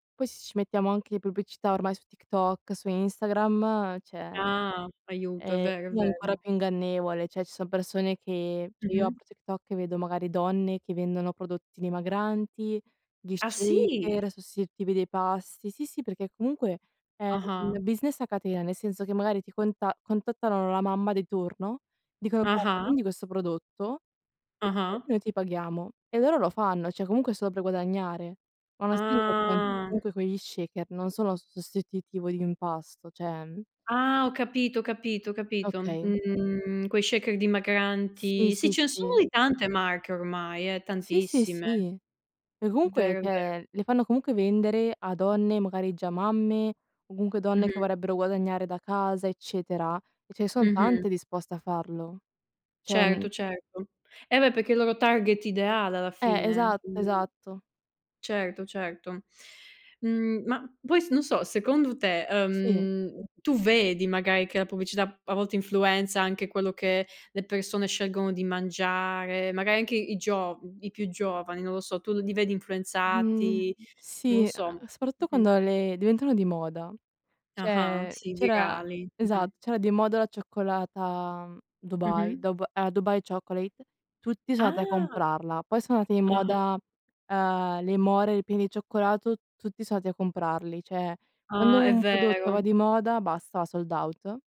Poi se ci mettiamo anche le pubblicità, ormai su TikTok, su Instagram, cioè. Ah, aiuto. È Eh, vero, è lì è ancora vero. più ingannevole, cioè, ci sono persone che cioè, io Mh-mh. apro TikTok e vedo, magari, donne che vendono prodotti dimagranti, gli Ah, sì? shaker sostitutivi dei pasti. Sì, sì, perché comunque è Ah-ah. un business a catena, nel senso che, magari, ti conta contattano la mamma di turno, dicono: "Guarda, Ah-ah. vendi questo prodotto e Ah-ah. noi ti paghiamo." e loro lo fanno, cioè, comunque è solo per guadagnare. Ma non essendo [unintelligible] Ah. comunque quegli shaker non sono sostitutivo di un pasto, cioè, ehm Ah, ho capito, ho capito, ho capito. Okay. Mhmm, quei shaker Sì, dimagranti. Sì, sì, ce ne sono sì. di tante marche ormai, eh. Sì, sì, Tantissime. sì. E È comunque, vero è vero. cioè, le fanno comunque vendere a donne, magari già mamme, o comunque donne che Mh-mh. vorrebbero guadagnare da casa, eccetera. E ce ne son Mh-mh. tante disposte a farlo. Cioè, non Certo, certo. Eh, beh, perché il loro target ideale alla Eh, fine. esatto, Mh. esatto. Certo, certo. Mhmm, ma poi s non so, secondo te, Sì. ehm, tu vedi, magari, che la pubblicità a volte influenza anche quello che le persone scelgono di mangiare, magari, anche i giov i più giovani, non lo so. Tu li vedi Mhmm, influenzati? Non lo sì e so. e soprattutto Mh-mh. quando le diventano di moda. Ah-ah, Cioè, sì, c'era virali, mh-mh. esatto, c'era di moda la cioccolata Dubai, Mh-mh. Dub a Dubai Chocolate, tutti sono andati a Ah. comprarla, poi sono andati di Ah-ah. moda, ehm, le more ripiene di cioccolato, tutti son andati a comprarli. Cioè, quando Ah, è un prodotto vero. va di moda, basta sold out.